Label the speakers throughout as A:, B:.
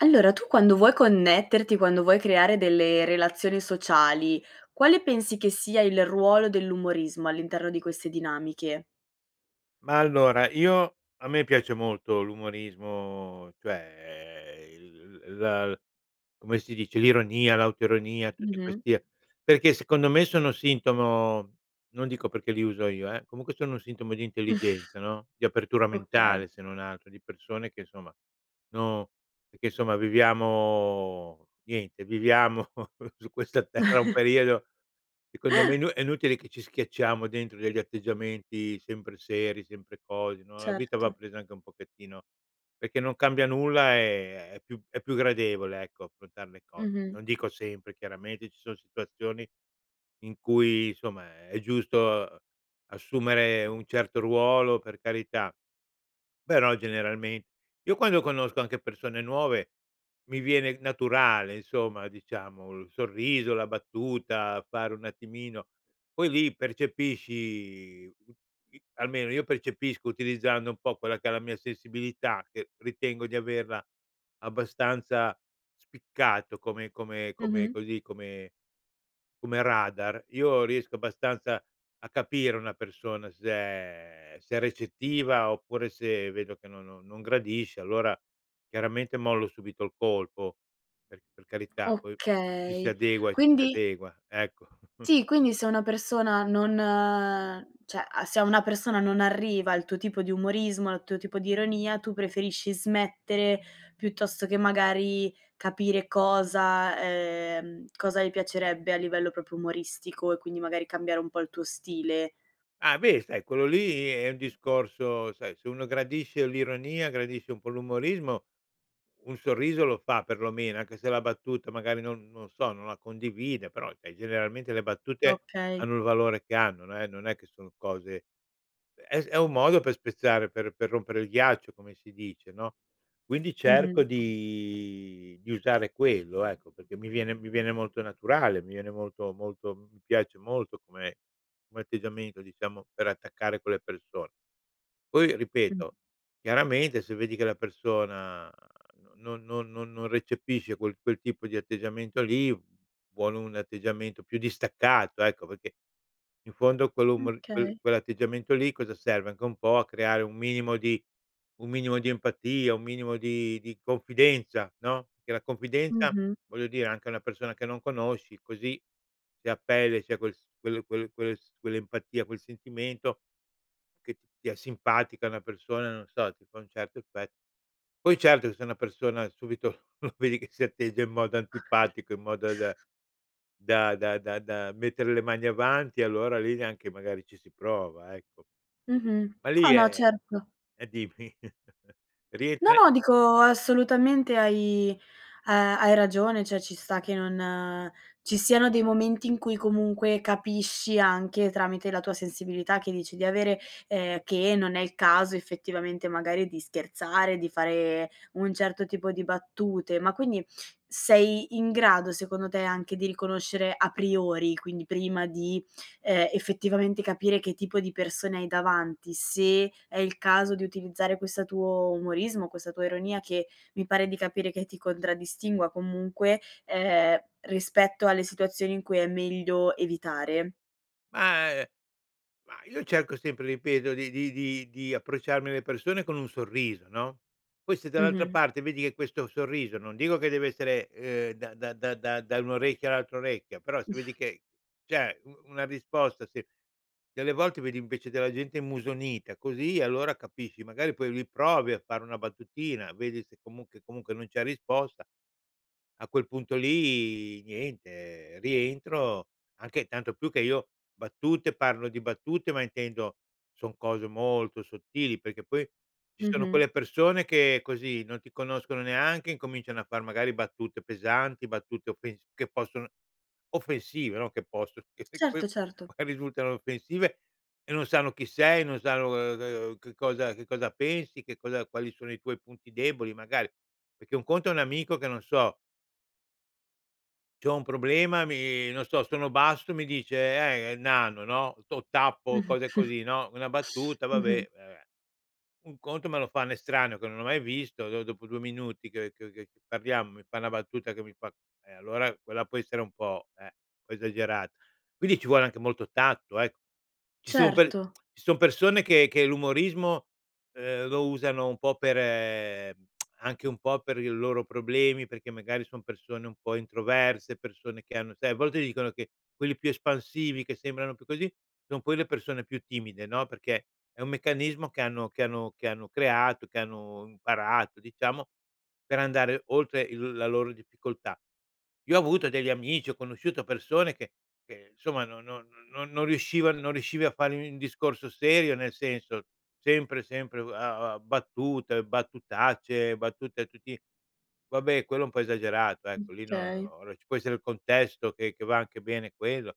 A: Allora, tu quando vuoi connetterti, quando vuoi creare delle relazioni sociali, quale pensi che sia il ruolo dell'umorismo all'interno di queste dinamiche?
B: Ma, allora, io a me piace molto l'umorismo, cioè il l la come si dice l'ironia, l'autoironia, tutti
A: Mh-mh.
B: questi, perché, secondo me, sono sintomo non dico perché li uso io, eh, comunque, sono sintomo di intelligenza, no, di apertura
A: Okay.
B: mentale, se non altro di persone che insomma no perché, insomma, viviamo niente, viviamo su questa terra un periodo, secondo me, inu è inutile che ci schiacciamo dentro degli atteggiamenti sempre seri, sempre cose, no, la vita va
A: Certo.
B: presa anche un pochettino perché non cambia nulla, ehm, è più è più gradevole, ecco, affrontar le cose.
A: Mh-mh.
B: Non dico sempre. Chiaramente, ci son situazioni in cui insomma, è giusto, uhm, assumere un certo ruolo, per carità, però generalme io, quando conosco anche persone nuove, mi viene naturale, insomma, diciamo, il sorriso, la battuta, fare un attimino poi lì percepisci i almeno, io percepisco, utilizzando un po' quella che è la mia sensibilità, che ritengo di averla abbastanza spiccato come come come
A: Mh-mh.
B: così come come radar. Io riesco abbastanza a capire una persona se è se è recettiva oppure se vedo che no non gradisce, allora, chiaramente, mollo subito il colpo per c per carità. Poi, ci si
A: Okay,
B: adegua e ci si
A: quindi
B: adegua, ecco.
A: Sì, quindi se una persona non cioè, a se a una persona non arriva il tuo tipo di umorismo, il tuo tipo di ironia, tu preferisci smettere piuttosto che, magari, capire cosa, ehm, cosa gli piacerebbe a livello proprio umoristico e, quindi, magari, cambiare un po' il tuo stile.
B: Ah, beh, sai, quello lì è il discorso sai, se uno gradisce l'ironia, gradisce un po' l'umorismo, un sorriso lo fa perlomeno, anche se la battuta, magari, non non so, non la condivide, però, cioè, generalmente, le battute
A: Okay.
B: hanno il valore che hanno. Non è non è che sono cose è è un modo per spezzare, per per rompere il ghiaccio, come si dice, no, quindi cerco
A: Mh-mh.
B: di di usare quello, ecco, perché mi viene mi viene molto naturale, mi viene molto molto mi piace molto come come atteggiamento, diciamo, per attaccare quelle persone. Poi,
A: Mh.
B: ripeto, chiaramente, se vedi che la persona non non non non recepisce quel quel tipo di atteggiamento lì, vuole un atteggiamento più distaccato, ecco, perché, in fondo, quel umor quel
A: Okay.
B: quell'atteggiamento lì cosa serve? Anche un po' a creare un minimo di un minimo di empatia, un minimo di di confidenza, no, che la confidenza,
A: Mh-mh.
B: voglio dire, anche a una persona che non conosci, così, se a pelle ,c'è quel s quel quel quel s quell'empatia, quel sentimento che ti è simpatica una persona, non so, ti fa un certo effetto. Poi, certo, che se una persona, subito, vedi che si atteggia in modo antipatico, in modo d da da da-da da mettere le mani avanti, allora lì neanche, magari, ci si prova, ecco.
A: Mh-mh.
B: Ma lì
A: No, no,
B: è
A: certo.
B: eh, dimmi,
A: No,
B: rientra
A: no, dico, assolutamente hai, ehm, hai ragione cioè ci sta che non ci siano dei momenti in cui, comunque, capisci anche tramite la tua sensibilità, che dici di avere, ehm, che non è il caso, effettivamente, magari, di scherzare, di fare un certo tipo di battute. Ma, quindi, sei in grado, secondo te, anche di riconoscere a priori, quindi prima di, ehm, effettivamente capire che tipo di persone hai davanti, se è il caso di utilizzare questa tuo umorismo, questa tua ironia, che mi pare di capire che ti contraddistingua comunque, ehm, rispetto alle situazioni in cui è meglio evitare?
B: Ma ehm, ma io cerco sempre, ripeto, di di di di approcciarmi alle persone con un sorriso, no, poi, se dall'altra
A: Mh-mh.
B: parte vedi che questo sorriso non dico che deve essere, ehm, da da da da da un orecchio all'altro orecchio però, se vedi che, cioè, u una risposta se delle volte vedi, invece, della gente immusonita, così, allora, capisci. Magari, poi, lì, provi a fare una battutina, vedi se comunque comunque non c'è risposta. A quel punto lì, niente, rientro, anche tanto più che io battute parlo di battute, ma intendo son cose molto sottili perché poi ci sono
A: Mh-mh.
B: quelle persone che così non ti conoscono neanche, incominciano a far, magari, battute pesanti, battute offens che possono offensive no, che possono, che p poi,
A: Certo, certo.
B: magari risultano offensive e non sanno chi sei, non sanno, uhm, uhm, che cosa che cosa pensi, che cosa quali sono i tuoi punti deboli, magari. Perché un conto è un amico che, non so c'ho un problema mi non so, sono basso, mi dice: "Eh, nano", no, o tappo
A: Mh-mh.
B: cose così, no, una battuta,
A: Mh-mh.
B: vabbè, vabbè, un conto, me lo fa un estraneo che non ho mai visto, dopo 2 minuti che che che parliamo, mi fa una battuta che mi fa e, allora, quella può essere un po', eh, un po' esagerato. Quindi ci vuole anche molto tatto, ecco. Ci son per
A: Certo.
B: ci son persone che che l'umorismo, ehm, lo usano un po' per ehm, anche un po' per il loro problemi perché, magari, son persone un po' introverse, persone che hanno sai, a volte dicono che quelli più espansivi che sembrano più così, son quelle persone più timide, no, perché è un meccanismo che hanno che hanno che hanno creato, che hanno imparato, diciamo, per andare oltre il la loro difficoltà. Io ho avuto degli amici, ho conosciuto persone che che, insomma, no no non non riusciva non riuscivi a fare un discorso serio. Nel senso, sempre, sempre, uhm, a a battute, battutacce, battute a tutti vabbè, quello è un po' esagerato, ecco. Lì no uhm,
A: Okay.
B: ora ci può essere il contesto che che va anche bene quello.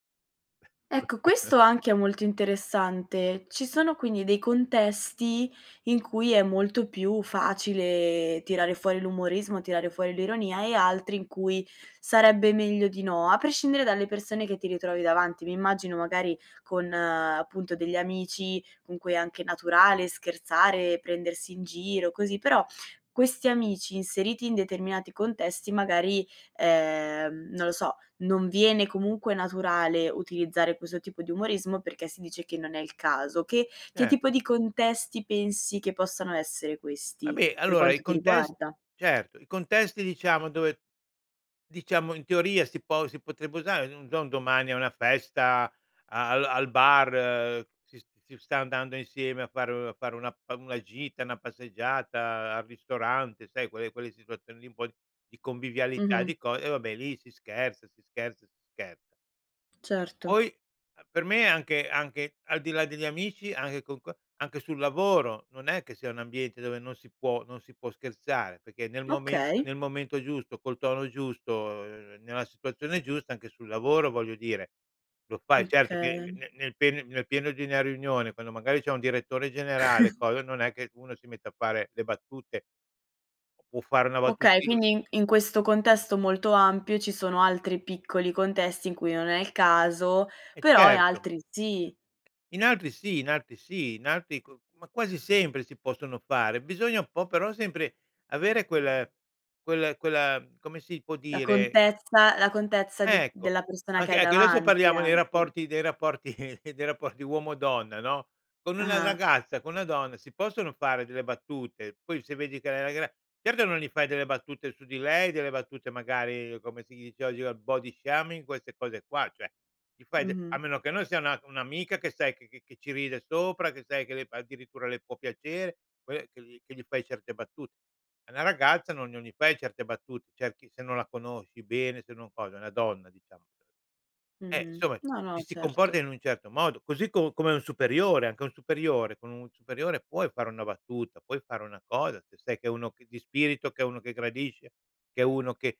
A: Ecco, questo anche è molto interessante. Ci sono, quindi, dei contesti in cui è molto più facile tirare fuori l'umorismo, tirare fuori l'ironia e altri in cui sarebbe meglio di no, a prescindere dalle persone che ti ritrovi davanti. Mi immagino, magari, con, appunto, degli amici con cui è anche naturale scherzare, prendersi in giro, così. Però, questi amici, inseriti in determinati contesti, magari, ehm, non lo so, non viene comunque naturale utilizzare questo tipo di umorismo perché si dice che non è il caso. Che che
B: Cer
A: tipo di contesti pensi che possano essere questi,
B: Vabbè,
A: per
B: allora, i
A: quanto ti
B: contes
A: riguarda?
B: certo, i contesti, diciamo, dove diciamo, in teoria, si po si potrebbe usare, non so, un domani a una festa, al al bar, si si sta andando insieme a fare a fare una pa una gita, una passeggiata, al ristorante, sai, quelle quelle situazioni lì un po' di convivialità
A: Mh-mh.
B: di co ehm, vabbè, lì, si scherza, si scherza, si scherza.
A: Certo.
B: Poi, uhm, per me anche anche, al di là degli amici anche con qua anche sul lavoro, non è che sia un ambiente dove non si può non si può scherzare perché nel mome
A: Okay.
B: nel momento giusto, col tono giusto, uhm, nella situazione giusta, anche sul lavoro, voglio dire, lo fai. Certo che
A: Okay.
B: ne nel pene nel pieno di una riunione, quando, magari, c'è un direttore generale coso, non è che uno si mette a fare le battute. Può fare una
A: Okay,
B: battuti
A: quindi in questo contesto molto ampio, ci sono altri piccoli contesti in cui non è il caso,
B: Eh
A: però
B: certo.
A: altri sì.
B: In altri sì, in altri sì. In altri co ma quasi sempre si possono fare. Bisogna un po', però, sempre avere quel quel quella, come si può dire
A: L'accortezza l'accortezza, di
B: Ecco,
A: della persona che
B: anche
A: hai
B: anche adesso
A: davanti,
B: parliamo dei
A: anche.
B: rapporti dei rapporti dei rapporti uomo-donna no, con una
A: Ah-ah.
B: ragazza, con una donna si possono fare delle battute. Poi se vedi che uhm, la gra certo che non gli fai delle battute su di lei, delle battute, magari, come si dice oggi, al body shaming, queste cose qua, cioè gli fai de a
A: Mh-mh.
B: meno che non sia una un'amica che sai che che ci ride sopra, che sai che le fa addirittura le può piacere. Poi, che gli che gli fai certe battute. Ad una ragazza non non gli fai certe battute. Cerchi se non la conosci bene, se non cosa. È una donna, diciamo. Eh,
A: Mh-mh,
B: insomma,
A: no,
B: ci
A: no,
B: si comporta
A: certo.
B: in un certo modo, così co come a un superiore. Anche un superiore con un superiore, puoi fare una battuta, puoi fare una cosa, se sai che è uno che di spirito, che è uno che gradisce, che è uno che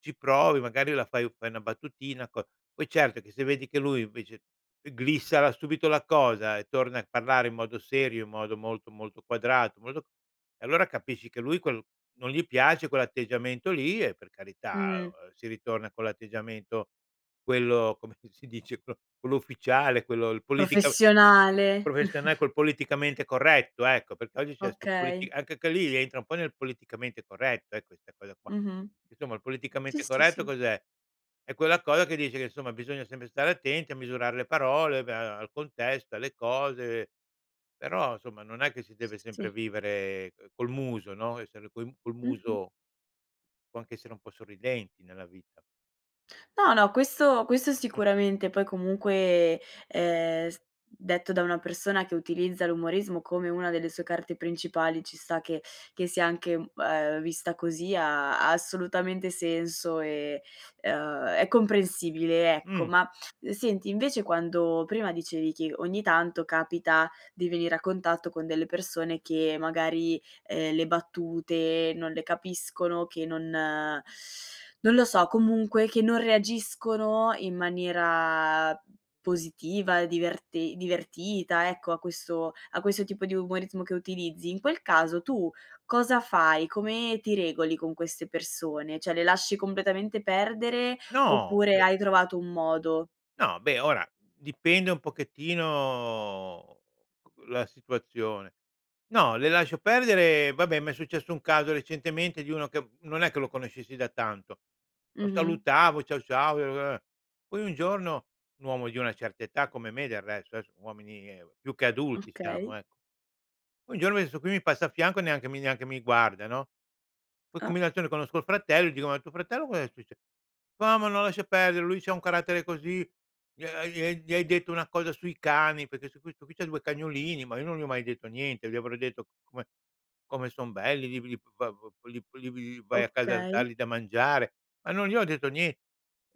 B: ci provi, magari la fai fai una battutina co poi, certo, che se vedi che lui, invece, eclissa subito la cosa e torna a parlare in modo serio, in modo molto, molto quadrato, molto e, allora, capisci che lui quel non gli piace quell'atteggiamento lì e, per carità,
A: Mh.
B: uhm, si ritorna con l'atteggiamento quello, com'è che si dice, pro quello ufficiale, quello il politica
A: Professionale.
B: professiona col politicamente corretto, ecco, perché oggi c'è sto
A: Okay.
B: politica anche che lì, entra un po' nel politicamente corretto, eh, questa cosa qua.
A: Mh-mh.
B: Insomma, il
A: Sì,
B: politicamente
A: sì,
B: corretto
A: sì.
B: cos'è? È quella cosa che dice che, insomma, bisogna sempre stare attenti a misurare le parole, beh, uhm, al contesto, alle cose, però, insomma, non è che si
A: S
B: deve sempre
A: sì.
B: vivere, uhm, col muso, no, essere co col
A: Mh-mh.
B: muso. Può anche essere un po' sorridenti nella vita.
A: No, no questo questo sicuramente. Poi, comunque, ehm, s detto da una persona che utilizza l'umorismo come una delle sue carte principali, ci sta che che sia anche, mhmm, ehm, vista così. Ha ha assolutamente senso e, ehm, è comprensibile, ecco.
B: Mh.
A: Ma, senti, invece, quando prima dicevi che, ogni tanto, capita di venire a contatto con delle persone che, magari, ehm, le battute non le capiscono, che non non lo so, comunque, che non reagiscono in maniera positiva, diverte divertita, ecco, a questo a questo tipo di umorismo che utilizzi. In quel caso, tu cosa fai? Come ti regoli con queste persone? Cioè, le lasci completamente perdere
B: No,
A: oppure
B: beh
A: hai trovato un modo?
B: No, beh, ora, dipende un pochettino la situazione. No, le lascio perdere vabbè, m'è successo un caso recentemente di uno che non è che lo conoscessi da tanto. Lo
A: Mh-mh.
B: salutavo "ciao, ciao", [unintelligible] poi un giorno un uomo di una certa età, come me del resto. Son uomini ehm, più che adulti siamo,
A: Okay.
B: ecco. Un giorno questo qui mi passa a fianco, neanche mi neanche mi guarda, no, poi
A: Ah.
B: combinazione conosco il fratello e dico: "Ma tuo fratello, cos'è succe" "No, ma no, lascia perdere, lui c'ha un carattere così. Gli ha gli gli hai detto una cosa sui cani". Perché sto qui sto qui c'ha 2 cagnolini, ma io non gli ho mai detto niente. Gli avrò detto: "Come come son belli! Li li [unintelligible] li li v vai a casa a
A: Okay.
B: dargli da mangiare", ma non gli ho detto nie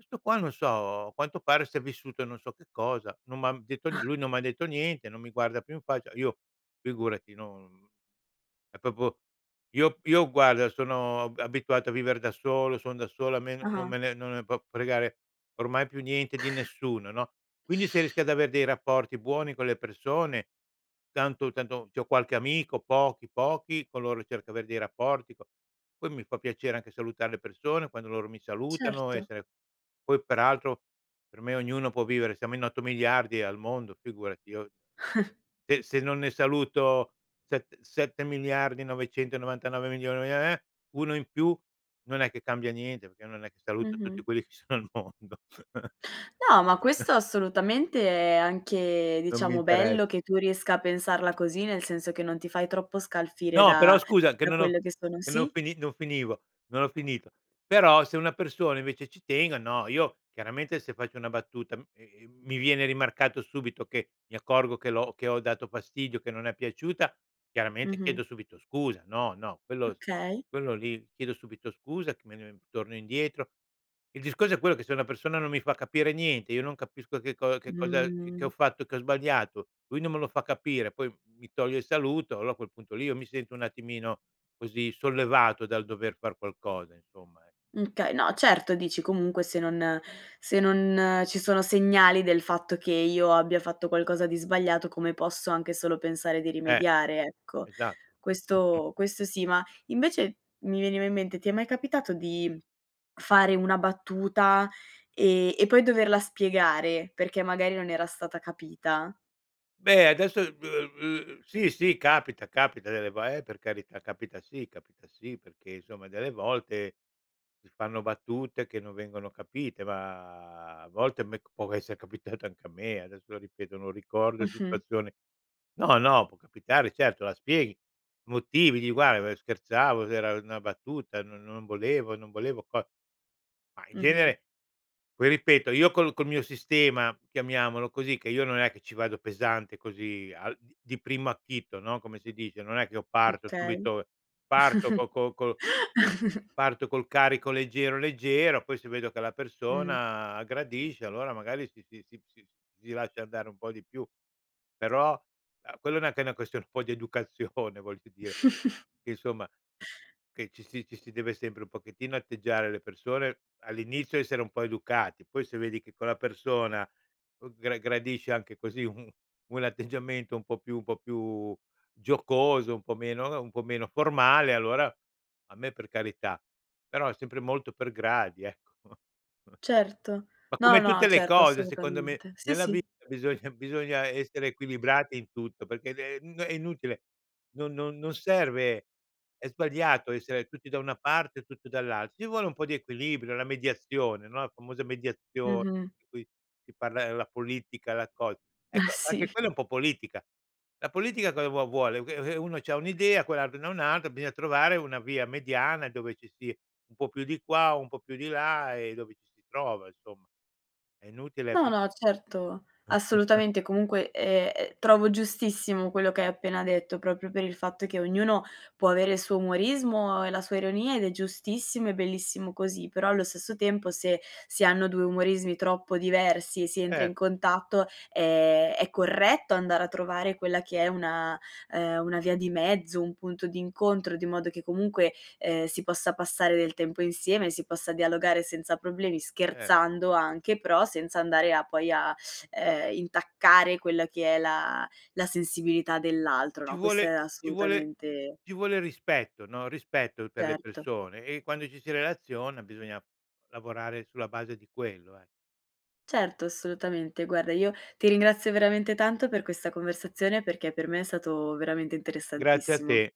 B: questo qua, non so, a quanto pare si è vissuto non so che cosa, non m'ha detto nie lui non m'ha detto niente, non mi guarda più in faccia. Io, figurati no è proprio io io, guarda, sono a abituato a vivere da solo, son da solo, a me non
A: Ah-ah.
B: me ne non ne può fregare ormai più niente di nessuno, no, quindi se rischi ad avere dei rapporti buoni con le persone tanto tanto c'ho qualche amico, pochi, pochi, coloro certo, avere dei rapporti po poi mi fa piacere, anche salutare le persone, quando loro mi salutano,
A: Certo.
B: essere poi, peraltro, per me ognuno può vivere, siamo in 8 miliardi al mondo, figurati. Io se se non ne saluto set 7 miliardi, 999 milioni, ehm, eh! Uno in più non è che cambia niente perché non è che saluto
A: Mh-mh.
B: tutti quelli che sono al mondo.
A: No, ma questo, assolutamente, è anche,
B: Non mi
A: diciamo,
B: interes
A: bello che tu riesca a pensarla così. Nel senso che non ti fai troppo scalfire
B: No, però,
A: da
B: scusa, che
A: da
B: non ho
A: quello che sono
B: che no
A: sì?
B: fini non finivo, non ho finito. Però se una persona, invece, ci tengo, no, io chiaramente, se faccio una battuta, e, mhmm, mi viene rimarcato subito che mi accorgo che l'ho che ho dato fastidio, che non è piaciuta, chiaramente,
A: Mh-mh.
B: chiedo subito scusa. No, no, quello s
A: Okay.
B: quello lì chiedo subito scusa, che me torno indietro. Il discorso è quello che se una persona non mi fa capire niente, io non capisco che cosa che cosa che
A: Mh.
B: ho fatto che ho sbagliato. Lui non me lo fa capire, poi mi toglie il saluto, allora, a quel punto lì, io mi sento un attimino così sollevato dal dover far qualcosa, insomma, e
A: Mh, okay no, certo, dici comunque se non se non ci sono segnali del fatto che io abbia fatto qualcosa di sbagliato, come posso anche solo pensare di
B: Eh,
A: rimediare, ecco?
B: esatto.
A: Questo questo sì. Ma, invece, mi veniva in mente ti è mai capitato di fare una battuta e e poi doverla spiegare perché, magari, non era stata capita?
B: Beh adesso b uhm, uhm, sì, sì capita. Capita delle vo eh, per carità, capita sì, capita sì perché, insomma, delle volte, si fanno battute che non vengono capite, ma, a volte, a me c può essere capitato anche a me. Adesso, lo ripeto, non ricordo
A: Mh-mh.
B: situazione. No, no può capitare. Certo, la spieghi, motivi, dì: "Guarda, ehm, scherzavo. D era una battuta, non non volevo. Non volevo fa" ma, in
A: Mh-mh.
B: genere poi, ripeto, io col col mio sistema, chiamiamolo così che io non è che ci vado pesante così al di primo acchito, no, come si dice. Non è che io parto
A: Okay.
B: subito parto co co co parto col carico leggero, leggero, poi, se vedo che la
A: Mh.
B: persona gradisce, allora, magari, si si si si si lascia andare un po' di più, però, uhm, quello neanche è una questio poi d'educazione, voglio dire, che, insomma che ci si ci si deve sempre un pochettino atteggiare alle persone all'inizio, essere un po' educati, poi se vedi che quella persona, uhm, gra gradisce anche così u un atteggiamento un po' più un po' più giocoso, un po' meno uhm, un po' meno formale, allora a me per carità. Però sempre molto per gradi, ecco.
A: Certo.
B: Ma
A: No,
B: come tutte
A: no,
B: le
A: certo,
B: cose, secondo me,
A: assolutamente. Sì
B: nella
A: sì.
B: vita bisogna bisogna essere equilibrati in tutto perché ne n è inutile, no non non serve, è sbagliato essere tutti da una parte o tutti dall'altra. Ci vuole un po' di equilibrio, la mediazione, no, la famosa mediazio
A: Mh-mh.
B: di cui si parla nella politica, la cosa.
A: Eh
B: Ecco, anche
A: sì.
B: quella è un po' politica. La politica cosa vuo vuole? Che, ehm, uno c'ha un'idea, quell'altro ne ha un'altra, bisogna trovare una via mediana dove ci si un po' più di qua, un po' più di là e dove ci si trova, insomma. È inutile
A: No,
B: pri
A: no, certo. assolutamente. Comunque, ehm, è trovo giustissimo quello che hai appena detto, proprio per il fatto che ognuno può avere il suo umorismo e la sua ironia ed è giustissimo e bellissimo così, però, allo stesso tempo, se si hanno 2 umorismi troppo diversi, si entra
B: Cer
A: in contatto, ehm, è corretto andare a trovare quella che è una ehm, una via di mezzo, un punto d'incontro, di modo che, comunque, ehm, si possa passare del tempo insieme, si possa dialogare senza problemi,
B: Cer
A: scherzando anche, però senza andare a poi a, ehm, intaccare quella che è la la sensibilità dell'altro
B: Ci
A: no, questa è
B: vuole ci vuole
A: assolutamente
B: ci vuole rispetto, no, rispetto per le
A: Certo.
B: persone e, quando ci si relaziona, bisogna lavorare sulla base di quello, eh.
A: Certo, assolutamente. Guarda, io ti ringrazio veramente tanto per questa conversazione perché per me è stato veramente
B: Grazie a
A: interessantissimo.
B: te!